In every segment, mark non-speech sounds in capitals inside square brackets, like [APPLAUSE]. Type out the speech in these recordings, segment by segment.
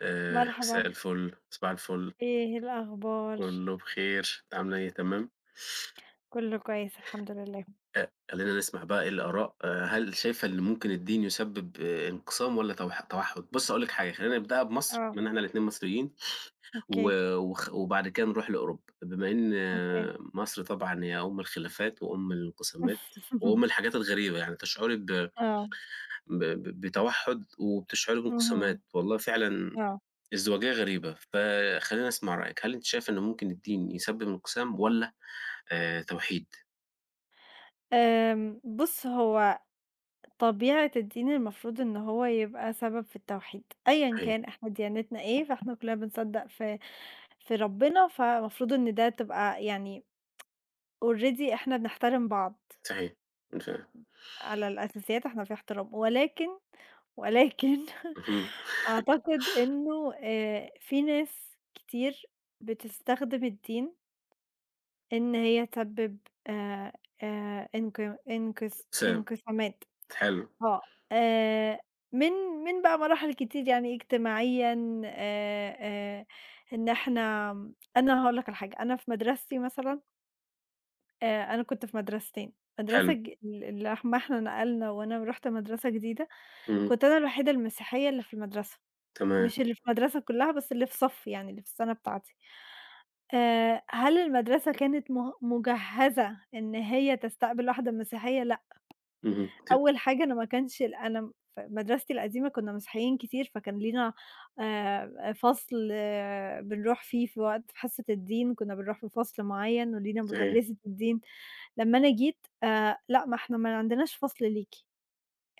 آآ مساء مرحبًا. الفل، صباح الفل. إيه الأخبار؟ كله بخير. أنتِ عاملة إيه؟ تمام؟ كله كويس الحمد لله. أ خلينا نسمع بقى إيه الآراء. هل شايفة إن ممكن الدين يسبب انقسام والّا توح توحّد؟ بُصّي، هاقول لِك حاجة، خلينا نبدأها بمصر آه. اكمِن إحنا الاتنين مصريين، و أوكي. وخ وبعد كده نروح لأوروبا، بما إن أوكي. مصر طبعًا هي أم الخلافات وأم الانقسامات وأم [CHUCKLES] الحاجات الغريبة يعني، تشعري ب ب آه. ب بتوحّد وبتشعري اهم، بانقسامات، والله فعلًا آه. ازدواجية غريبة، فخليني أسمع رأيِِك. هل أنتِ شايفة إن ممكن الدين يسبب انقسام والّا آآ، توحيد؟ آمم، بُصّ هو طبيعة الدين المفروض إن هو يبقى سبب في التوحيد، أيًا صحيح. كان إحنا ديانتنا إيه، فإحنا كلنا بنصدق في في ربنا، فمفروض إن ده تبقى يعني [TSK] already إحنا بنحترم بعض. صحيح، أنا فاهم. على الأساسيات إحنا في احترام، ولكن، ولكن اهم. أعتقد إنه آآ في ناس كتير بتستخدم الدين إن هي تسبب، آآ، آآ، إنق إنقس انقسام، إنقسامات. حلو. آه، آآ، من من بقى مراحل كتير يعني اجتماعيًا آآ، آآ، إن إحنا أنا هاقول لك على حاجة أنا في مدرستي مثلًا آآ، أنا كنت في مدرستين، مدرسة حلو. ج ال اللي احم إحنا نقلنا وأنا ورُحت مدرسة جديدة، إمم. كنت أنا الوحيدة المسيحية اللي في المدرسة، تمام. مش اللي في المدرسة كلها بس اللي في صفي يعني، اللي في السنة بتاعتي. آآ، هل المدرسة كانت م مُجَهزة إن هي تستقبل واحدة مسيحية؟ لأ. اهم، ت أول حاجة أنا ما كانش ال أنا في مدرستي القديمة كنا مسيحيين كتير، فكان لينا آآ، فصل بنروح فيه في وقت في حصة الدين، كنا بنروح في فصل معين ولينا صحيح. مُدرّسة الدين، لمّا أنا جيت: آآ، لأ ما إحنا ما عندناش فصل ليكِ،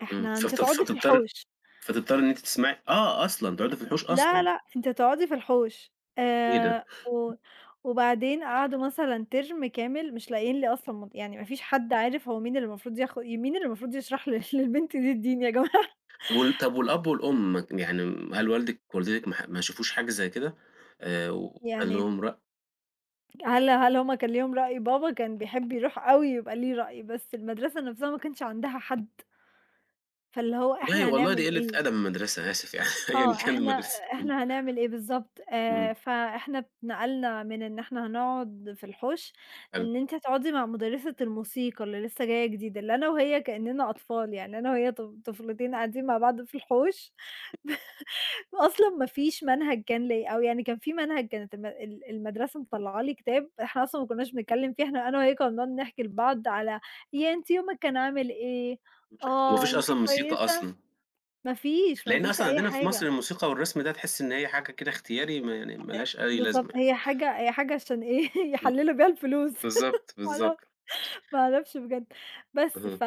امم، إحنا ف أنتِ ف تقعدي في فتضطر الحوش. فتضطري إن أنتِ تسمعي آه أصلًا، تقعدي في الحوش لأ أصلًا. لأ، أنتِ هتقعدي في الحوش إيه ده؟ آآ، و وبعدين قعدوا مثلًا ترم كامل مش لاقيين لي أصلًا م يعني ما فيش حد عارف هو مين اللي مفروض ياخد مين اللي مفروض يشرح ل للبنت دي الدين يا جماعة. وال طب والأب والأم يعني هل والدِك ووالدتِك ما ح ما شافوش حاجة زي كده، آآ، وكان يعني إيه؟ لهم رأي؟ هل هل هُم كان ليهم رأي؟ بابا كان بيحب يروح أوي يبقى ليه رأي، بس المدرسة نفسها ما كانش عندها حد. فاللي هو والله إحنا والله هنعمل دي قلّة إيه؟ أدب من المدرسة، أنا آسف يعني أيًا آه، كان إحنا المدرسة. أ امم. إحنا هنعمل إيه بالضبط؟ آآ، إمم. فإحنا اتنقلنا من إن إحنا هنقعد في الحُوش، حلو. إن أنتِ هتقعدي مع مُدرّسة الموسيقى اللي لسه جاية جديدة، اللي أنا وهي كأننا أطفال، يعني أنا وهي طف طفلتين قاعدين مع بعض في الحُوش. [LAUGHS] أصلًا ما فيش منهج كان ليَّ، أو يعني كان في منهج، كانت الم ال المدرسة مطلّعة لي كتاب، إحنا أصلًا ما كناش بنتكلم فيه، إحنا أنا وهي كنا بنقعد نحكي لبعض على ياه أنتِ يومِك كان عامل إيه؟ [UNINTELLIGIBLE] وما آه، فيش أنتِ أصلًا موسيقى كويسة؟ أصلًا. ما فيش، ما لأن فيش أصلًا أي عندنا في حاجة. مصر الموسيقى والرسم ده تحس إن هي حاجة كده اختياري، ما يعني أ ما لهاش أي لازمة بالضبط يعني. هي حاجة هي حاجة عشان إيه؟ إمم، يحللوا بيها الفلوس، [LAUGHS] بالضبط، ما بالضبط. اعرف ما اعرفش بجد، بس اهم. ف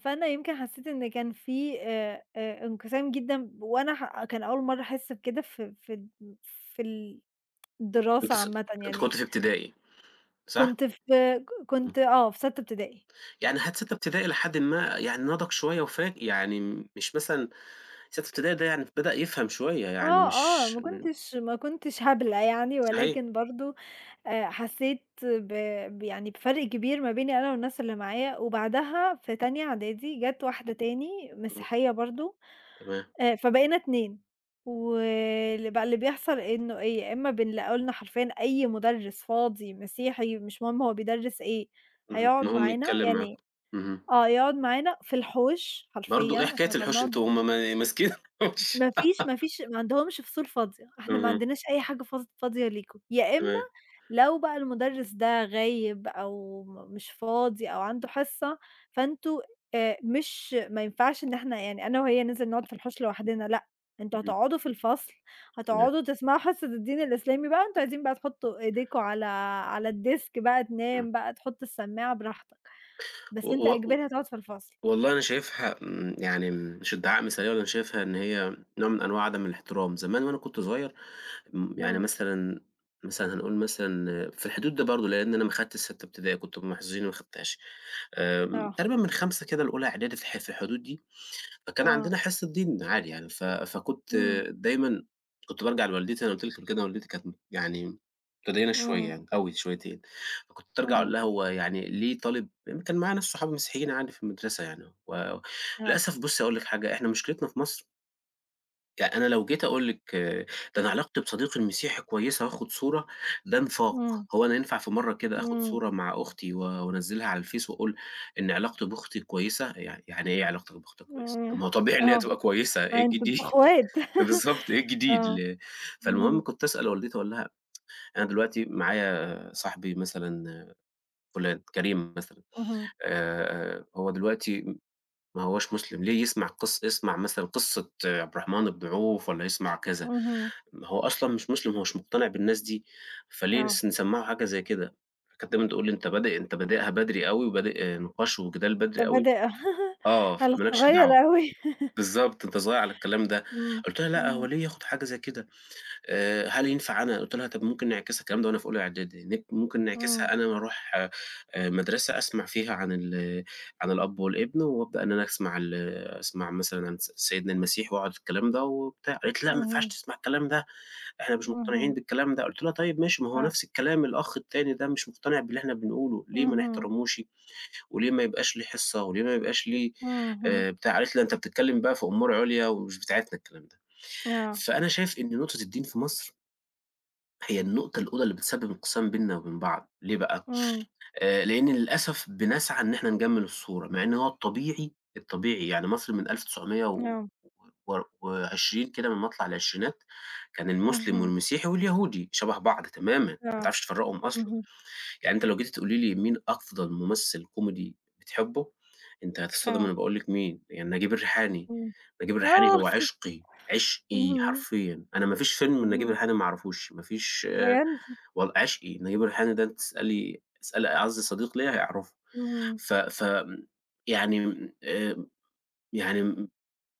فأنا يمكن حسيت إن كان في أ أ انقسام جدًا ب وأنا ح كان أول مرة أحس بكده، ف فد في الدراسة بتص عامةً أنتِ كنتِ يعني. في ابتدائي، صح؟ كنت في ك امم. كنت آه في سَتّة ابتدائي. يعني حتى سَتّة ابتدائي إلى حدِ ما يعني نضج شوية وفا يعني مش مثلًا سَتّة ابتدائي ده يعني بدأ يفهم شوية يعني آه، آه، مش ما م كنتش ما كنتش هبلة يعني، صحيح. ولكن برضو أ حسيت ب بيعني بفرق كبير ما بيني أنا والناس اللي معايا، وبعدها في تانية إعدادي جات واحدة تاني إمم. مسيحية برضو تمام. أ فبقينا 2، ول بقى اللي بيحصل إنه إيه، يا إما بنلاقوا لنا حرفيًا أي مُدرّس فاضي مسيحي، مش مهم هو بيدرّس إيه، اهم، هيقعد المهم معانا، يتكلم يعني معاكم. اهم. آه يقعد معانا في الحوش برضو! حرفيًا إيه حكاية إحنا كنا الحُوش بنقعد أنتم هُم ما ماسكين الحُوش. ما فيش ما [GIGGLES] فيش ما عندهمش فصول فاضية، إحنا ما اهم. عندناش أي حاجة فص فاضية ليكم، يا إما تمام. لو بقى المُدرّس ده غايب أو م مش فاضي أو عنده حصة، فأنتم آآ، مش ما ينفعش إن إحنا يعني أنا وهي ننزل نقعد في الحوش لوحدنا، لأ، أنتم إمم. هتقعدوا في الفصل، تمام. هتقعدوا تسمعوا حصة الدين الإسلامي بقى، أنتم عايزين بقى تحطوا إيديكم على على الديسك بقى، إمم. تنام بقى، تحطوا السماعة براحتك، و بس أنت و إجباري هتقعد في الفصل. والله أنا شايفها م يعني مش ادّعاء مثالية، أنا شايفها إن هي نوع من أنواع عدم الاحترام، زمان وأنا كنت صغير، م يعني إمم. مثلًا مثلًا هنقول مثلًا في الحدود دي برضو، لإن أنا ما خدتش سَتّة ابتدائي، كنت من المحظوظين اللي ما خدتهاش، آمم، آه. تقريبًا من خامسة كده لأولى إعدادي في ح في الحدود دي، فكان آه. عندنا حصة دين عادي يعني، ف فكنت إمم. دايمًا كنت بارجع لوالدتي، أنا قلت لِك قبل كده والدتي كانت م يعني متدينة إمم. شوية أوي شويتين، فكنت أرجع أقول اهم. لها هو يعني ليه طالب كان معايا ناس صحابي مسيحيين عادي في المدرسة يعني، آه، آه. وللأسف بُصّي هاقول لِك حاجة، إحنا مشكلتنا في مصر ى أنا لو جيت أقول لِك ده أنا علاقتي بصديقي المسيحي كويسة وآخد صورة، ده نفاق، امم. هو أنا ينفع في مرة كده آخد امم. صورة مع أختي و وانزلها على الفيس وأقول إن علاقتي بأختي كويسة؟ يع يعني إيه علاقتك بأختك كويسة؟ طب امم، ما هو طبيعي إن هي آه، تبقى [UNINTELLIGIBLE] كويسة، إيه أنتم الجديد؟ اخوات بالضبط، إيه [LAUGHS] الجديد؟ آه، ل فالمهم اهم. كنت أسأل والدتي وأقول لها [TSK] أنا دلوقتي معايا صاحبي مثلًا فلان، كريم مثلًا، اهم. آآ، هو دلوقتي م ما هواش مسلم، ليه يسمع قص يسمع مثلًا قصة عبد الرحمن أبو عوف والّا يسمع كذا؟ اهم. ما هو أصلًا مش مسلم، هو مش مقتنع بالناس دي، فليه آه. نس نسمّعه حاجة زي كده؟ كانت دايمًا تقول لي: "أنت بادئ أنت بادئها بدري أوي، وبادئ نقاش وجدال أنت بدري أوي"، بادئ [LAUGHS] آه، هل فما لكش صغيّر دعوة، أوي. بالضبط، أنت صغير على الكلام ده. امم، قلت لها: "لأ، هو امم. ليه ياخد حاجة زي كده؟ آآ، هل ينفع أنا قلت لها طب ممكن نعكسها؟" الكلام ده وأنا في أولى إعدادي نك ممكن امم. نعكسها أنا اللي أروح مدرسة أسمع فيها عن ال عن الأب والإبن، وأبدأ إن أنا أسمع ال أسمع مثلًا س سيدنا المسيح واعرف الكلام ده وبتاع؟ قالت: "لأ، ما ينفعش اهم. تسمع الكلام ده، إحنا مش مقتنعين اهم. بالكلام ده."، قلت لها: "طيب ماشي، ما هو آه. نفس الكلام الأخ التاني ده مش مقتنع باللي إحنا بنقوله، ليه ما اهم. نحترموش؟ وليه ما يبقاش ليه حصة؟ وليه ما يبقاش ليه اهم. آآ بتاع؟" قالت لي: "لأ، أنت بتتكلم بقى في أمور عُليا ومش بتاعتنا الكلام ده". آه. فأنا شايف إن نقطة الدين في مصر هي النقطة الأولى اللي بتسبب انقسام بيننا وبين بعض، ليه بقى إمم. آآ، لأن للأسف بنسعى إن إحنا نجمّل الصورة، مع إن هو الطبيعي الطبيعي يعني مصر من ألف تسعمية و آه. وار وعشرين كده من مطلع العشرينات كان المسلم اهم. والمسيحي واليهودي شبه بعض تمامًا، ما آه، تعرفش تفرقهم أصلًا، اهم. يعني أنتِ لو جيتِ تقولي لي مين أفضل ممثل كوميدي بتحبه؟ أنتِ هتتصدمي آه. لمّا أقول لكِ مين يعني، نجيب الريحاني، اٍمم، نجيب الريحاني آه. هو عشقي، عشقي امم. حرفيًا، أنا ما فيش فيلم لنجيب اهم. الريحاني ما اعرفوش، ما فيش بجد! و عشقي نجيب الريحاني ده، تسألي تسألي أعز صديق ليَّ هيعرفه، اهم. ف ف يعني آآ، يعني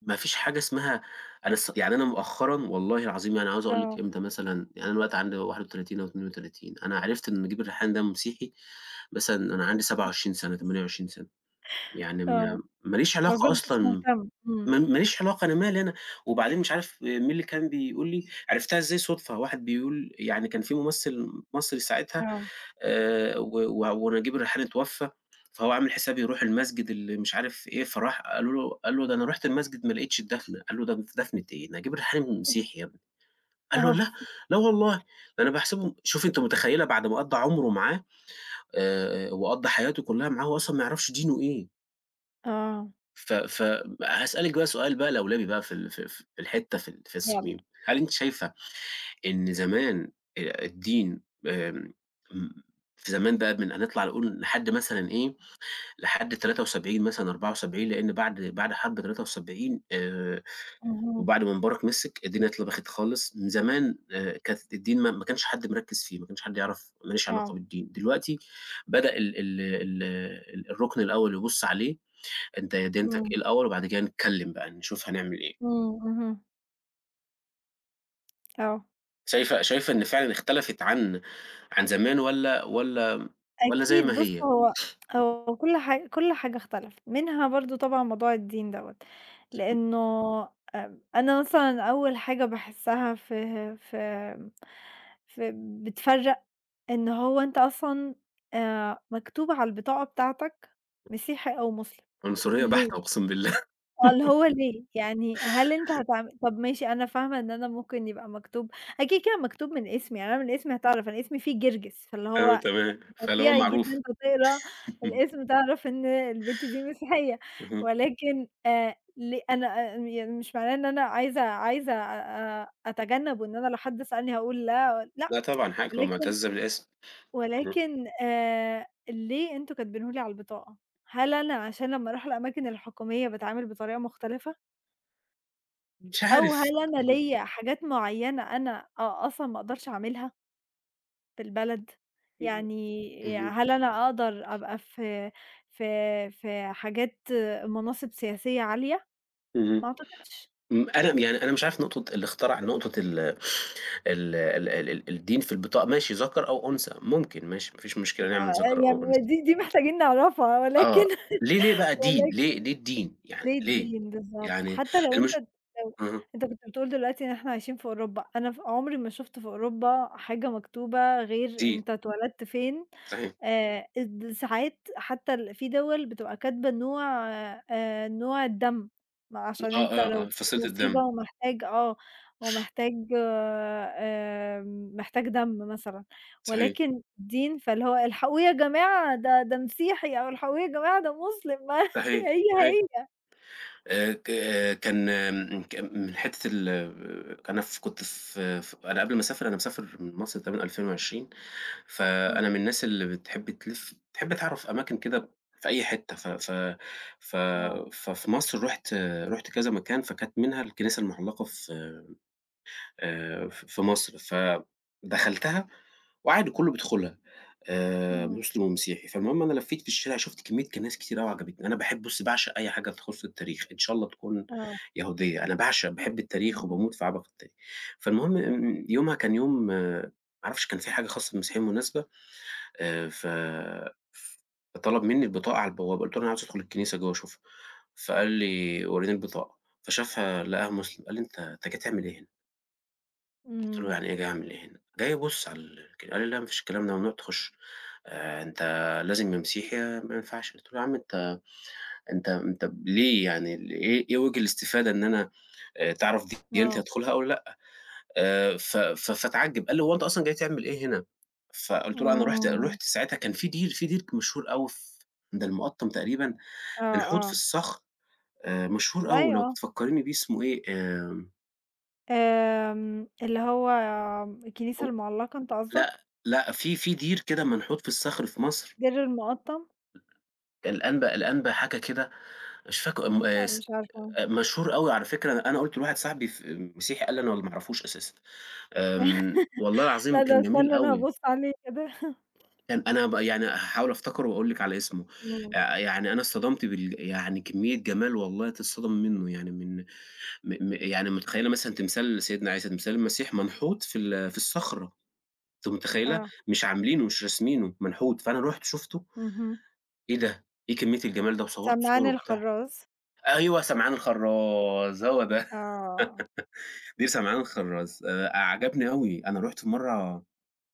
ما فيش حاجة اسمها أنا ص يعني أنا مؤخرًا والله العظيم يعني عاوز أقول آه. لكِ إمتى مثلًا يعني أنا دلوقتي عندي 31 أو 32، أنا عرفت إن نجيب الريحاني ده مسيحي مثلًا أنا عندي 27 سنة، تمانية [CHUCKLES] وعشرين سنة، يعني آه، م ما ليش ما علاقة كنتش أصلًا، مهتم، م اٍمم. ماليش علاقة، أنا مالي أنا، وبعدين مش عارف مين اللي كان بيقول لي عرفتها إزاي صدفة، واحد بيقول يعني كان في ممثل مصري ساعتها آه. آآ، و و ونجيب الريحاني اتوفى، فهو عامل حساب يروح المسجد اللي مش عارف إيه، فراح قالوا له قال له ده أنا رُحت المسجد ما لقيتش الدفنة، قالوا له د دفنة إيه، نجيب الريحاني [CHUCKLES] مسيحي يا ابني، قال له آه. لأ، [CHUCKLES] لا والله ده أنا باحسبه شوفي أنتِ متخيلة بعد ما قضّى عمره معاه آآ، وقضّى حياته كلها معاه وهو أصلًا ما يعرفش دينه إيه. آه. ف ف ب هاسألك بقى سؤال بقي لولبي بقي في ال ف في الحتّة في يالّا. الصميم، هل أنتِ شايفة إن زمان أ الدين [UNINTELLIGIBLE] آآ زمان ده بن أ نطلع نقول لحد مثلًا إيه لحد 73 مثلًا 74 لأن بعد بعد حرب 73 آآ اهم. وبعد ما مبارك م سِك الدنيا اتلبخِت خالص من زمان آآ كانت الدين ما ما كانش حد مركِز فيه ما كانش حد يعرف ماليش علاقة آه. بالدين دلوقتي بدأ ال ال ال الرُكن الأول يبُص عليه أنت ديانتِك اٍمم. اٍيه الأول وبعد كده نتكلم بقي نشوف هنعمل إيه. اٍمم، اهم. آه. شايفة شايفة إن فعلًا اختلفت عن عن زمان والّا والّا والّا زي أكيد ما بُص هي؟ هو هو كل حاجة كل حاجة اختلفت منها برضه طبعًا موضوع الدين دوّة، [UNINTELLIGIBLE] لأنه أ أنا مثلًا أول حاجة باحسّها فه ف فب بتفرّق إن هو أنت أصلًا آآ مكتوب على البطاقة بتاعتك مسيحي، أو مسلم، عنصرية ليه؟ بحتة أقسم بالله آه، اللي هو ليه؟ يعني هل أنت [GIGGLES] [LAUGHS] هتعمل طب ماشي أنا فاهمة إن أنا ممكن يبقي مكتوب أكيد كده مكتوب من إسمي يعني أنا من إسمي هتعرف أنا إسمي فيه جرجس، فاللي أيوه هو تمام، فاللي هو طبيعي معروف جدًا هتقرا [LAUGHS] الإسم تعرف إن البنت دي مسيحية اهم. ولكن آآ ليه أنا آآ يعني مش معناه إن أنا عايزة عايزة أ أ أتجنب وإن أنا لو حد سألني هاقول لا، لأ لأ، طبعًا حقك [TSK] تبقي ولكن مُعتزّة بالاسم، اهم. ولكن آآ ليه أنتم كاتبينُه لي على البطاقة؟ هل أنا عشان لمّا أروح الأماكن الحكومية باتعامل بطريقة مُختلفة؟ مش أو عارف هل أنا اهم. ليَّ حاجات معينة أنا أ أصلًا ما أقدرش أعملها؟ في البلد، [UNINTELLIGIBLE] يعني ي اهم. هل أنا أقدر أبقى في في في حاجات مناصب سياسية عالية؟ اهم، ما أعتقدش. إمم، أنا يعني أنا مش عارف نقطة اللي اخترع نقطة ال ال ال ال ال الدين في البطاقة ماشي ذكر أو أنثى، ممكن ماشي ما فيش مشكلة نعمل آآ، ذكر أو يعني أنثى. دي دي محتاجين نعرفها، ولكن آه، ليه ليه بقى دين، ولكن ليه ليه الدين؟ يعني ليه ليه؟ الدين بالضبط؟ يعني حتى لو أنت المش لو اهم. أنت كنت بتقول دلوقتي إن إحنا عايشين في أوروبا، أنا ف عمري ما شُفت في أوروبا حاجة مكتوبة غير دين. أنت اتولدت فين، صحيح. آآ، اد ساعات حتى ال في دوَل بتبقى كاتبة نوع آآ، نوع الدم، ما آه، عشان أنت آه، لو آه، في فصيلة مصيبة الدم. ومحتاج آه، ومحتاج آمم، محتاج دم مثلًا، صحيح. ولكن دين، فاللي هو الحقوه يا جماعة ده ده مسيحي، أو الحقوه يا جماعة ده مسلم، ما صحيح، هي صحيح. هي. آآ ك كان م ك من حتة ال كان ف كنت في في أنا قبل ما أسافر أنا مسافر مصر تقريبًا 2020 فأنا آه. من الناس اللي بتحب تلِفّ، تحب تعرف أماكن كده في أي حتة، ف ف ف آه. ففي مصر رُحت رُحت كذا مكان، فكانت منها الكنيسة المعلقة في آآ، ف في مصر، فدخلتها وعادي كله بيدخلها، آآ، إمم. مسلم ومسيحي، فالمهم أنا لفيت في الشارع شُفت كمية كنايس كتير أوي عجبتني. أنا باحب بُصّي باعشق أي حاجة تخص التاريخ، إن شاء الله تكون آه. يهودية، أنا باعشق باحب التاريخ بالضبط. وباموت في عبق التاريخ، فالمهم آمم، يومها كان يوم ما اعرفش كان في حاجة خاصة بالمسيحيين، مناسبة آآ، ف فطلب مني البطاقة على البوابة، قُلت له: "أنا عاوز أدخل الكنيسة جوه أشوفها"، فقال لي: "وريني البطاقة"، فشافها لقاها مسلم قال لي: "أنت أنت جاي تعمل إيه هنا؟". قُلت له: إمم. "يعني إيه جاي أعمل إيه هنا؟" جاي أبُص على الك قال لي: "لأ، ما فيش الكلام ده ممنوع تخُش، آآ أنت لازم يا مسيحي يا ما ينفعش،" قُلت له: "يا عم أنت أنت أنت ليه يعني إيه إيه وِجِه الإستفادة إن أنا آآ تعرَف دي ديانتي آه. أدخُلها أو لأ؟" آآ ف ف فاتعجِب، قال لي: "هو أنت أصلًا جاي تعمل إيه هنا؟" فقُلت له أنا رُحت آمم. رُحت ساعتها كان في دير في دير مشهور أوي ف عند المُقطّم تقريبًا، آه، منحوت في آه. الصخر، آآ امم، مشهور أوي أيوة لو آه. تفكريني بيه أسمُه إيه؟ آمم آمم، اللي هو الكنيسة هو المُعلَّقة أنت لأ، قصدك؟ لأ في في دير كده منحوت في الصخر في مصر، دير المُقطَّم؟ الأنبا الأنبا حاجة كده، مش فاكره م آآ لأ، س مش عارفة. مشهور أوي على فكرة، أنا أنا قُلت لواحد صاحبي في مسيحي قال لي أنا ما أعرفوش أساسًا، آمم والله [LAUGHS] العظيم لأ، ده أنا كان جميل استني أنا أوي. هابُص عليه كده. كان أنا بقى يعني هاحاول أفتكره وأقول لِك على إسمه، إمم. آآ يعني أنا اتصَدمت بال يعني كمية جَمال والله تتصدمي مِنُه، يعني من م م يعني مُتخيلة مثلًا تمثال لسيدنا عيسى، تمثال المسيح منحوت في ال في الصخرة، أنتِ متخيلة؟ آه. مش عاملينُه مش راسمينُه، منحوت فأنا رُحت شُفته، اهم. إيه ده، إيه كمية الجَمال ده و صورت سمعان صور وبتاع، الخَرَّاز. أيوه سمعان الخرَّاز هو ده، آه. [LAUGHS] دير سمعان الخرَّاز، آآ أ عجبني أوي أنا رُحت في مرة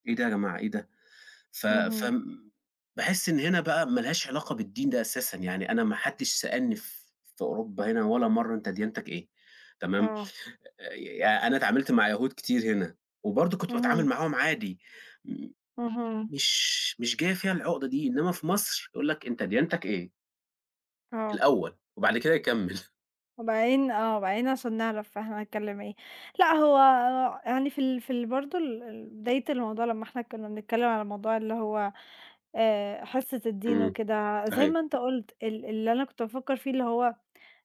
إيه ده يا جماعة، إيه ده، ف اهم. فم باحس إن هنا بقى ما لهاش علاقة بالدين ده أساسًا، يعني أنا ما حدش سألني ف في أوروبا هنا ولا مرة أنت ديانتَك إيه تمام؟ آه. آآ أنا إتعاملت مع يهود كتير هنا، وبرضه كنت باتعامل اهم. معاهم عادي، م اهم. مش مش جاية فيها العقدة دي، إنما في مصر يقول لَك أنت ديانتَك إيه. آه. الأول، وبعد كده يكَمّل. [CHUCKLES] وبعدين آه، وبعدين عشان نعرِف إحنا نتكلم إيه، لأ، هو يعني في ال في ال برضو ال ال بداية الموضوع لمّا إحنا كنا بنتكلم على الموضوع اللي هو آآ، حصة الدين امم، وكده، زي صحيح. ما أنت قلت ال اللي أنا كنت بافكر فيه اللي هو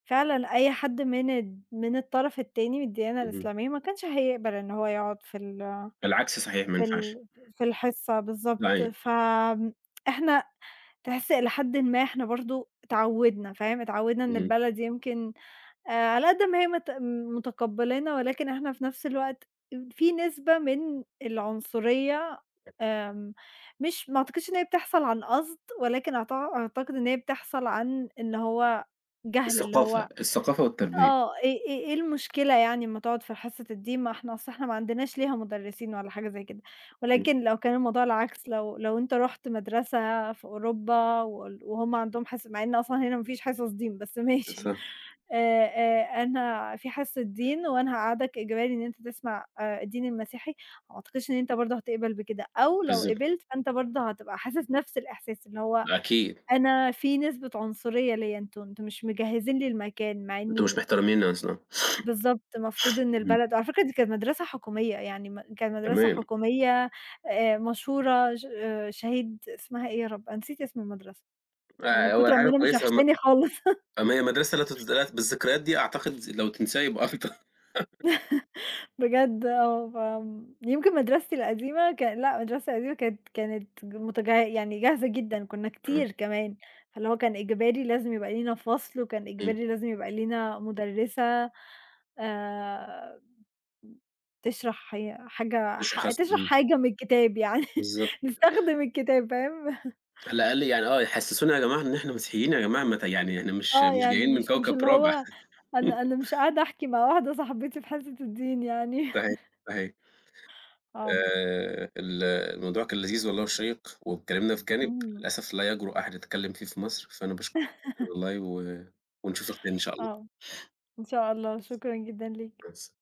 فعلًا أي حد من ال من الطرف التاني، من الديانة اهم. الإسلامية ما كانش هيقبل إنه هو يقعد في ال بالعكس صحيح ما في ينفعش. ال في الحصة بالضبط، أيوه. فإحنا تحس إلى حد ما إحنا برضو اتعودنا فاهم، اتعودنا إن اهم. البلد يمكن آآ، على قدّ ما هي مت متقبّلَانا، ولكن إحنا في نفس الوقت في نسبة من العنصرية آمم، مش ما أعتقدش إن هي بتحصل عن قصد، ولكن أعت أعتقد إن هي بتحصل عن إن هو جهل اللي الثقافة، هو الثقافة والتربية. آه، إيه إيه إيه المشكلة يعني ما تقعد في حصة الدين، ما إحنا أصل إحنا ما عندناش ليها مدرّسين ولا حاجة زي كده، إمم. ولكن لو كان الموضوع العكس، لو لو أنت رُحت مدرسة في أوروبا وال وهُم عندهم حص مع إن أصلًا هنا ما فيش حصص دين، بس ماشي، [UNINTELLIGIBLE] آآ، آآ، أنا في حصة دين وأنا هاقعدك إجباري إن أنت تسمع آآ، الدين المسيحي، وما أعتقدش إن أنت برضو هتقبل بكده، أو لو بالضبط. قبلت فأنت برضو هتبقى حاسس نفس الإحساس اللي هو ما أكيد. أنا في نسبة عنصرية ليَّ، أنتم أنتم مش مجهزين لي المكان مع أنتم مش إني مِحترميننا مثلًا. بالضبط، المفروض إن امم. البلد على فكرة دي كانت مدرسة حكومية يعني، م كانت مدرسة تمام. حكومية آآ، مشهورة ش شهيد اسمها إيه يا رب، أنا نسيت اسم المدرسة من آآ، هو كتر أما حاجة أنا مش كويسة هم وحشاني خالص. [LAUGHS] طب ما هي مدرسة [UNINTELLIGIBLE] بالذكريات دي أعتقد لو تنسيها يبقى افضل. [LAUGHS] [LAUGHS] بجد آه، فيمكن مدرستي القديمة ك لأ، المدرسة القديمة كانت كانت متج يعني جاهزة جدًا، كنا آه. كتير كمان، فاللي هو كان إجباري لازم يبقى لينا فصل، وكان إمم. إجباري لازم يبقى لينا مُدرّسة آآ، بتشرح هي حاجة ح لشخص تشرح امم. حاجة من الكتاب يعني، بالضبط. نستخدم الكتاب، فاهم؟ على الاقل يعني آه يحسسونا يا جماعة إن إحنا مسيحيين يا جماعة، مت يعني إحنا مش آه، مش يعني جايين من مش مش كوكب اللي رابع. هو أنا [LAUGHS] أنا مش قاعدة أحكي مع واحدة صاحبتي في حصة الدين يعني. صحيح، [LAUGHS] صحيح. آه. آآ، ال الموضوع كان لذيذ والله، وشيّق واتكلمنا في جانب امم. للأسف لا يجرؤ أحد يتكلم فيه في مصر، فأنا باشكرِك [LAUGHS] والله و ونشوفِك تاني إن شاء الله. آه، إن شاء الله، شكرًا جدًا ليك. مع السلا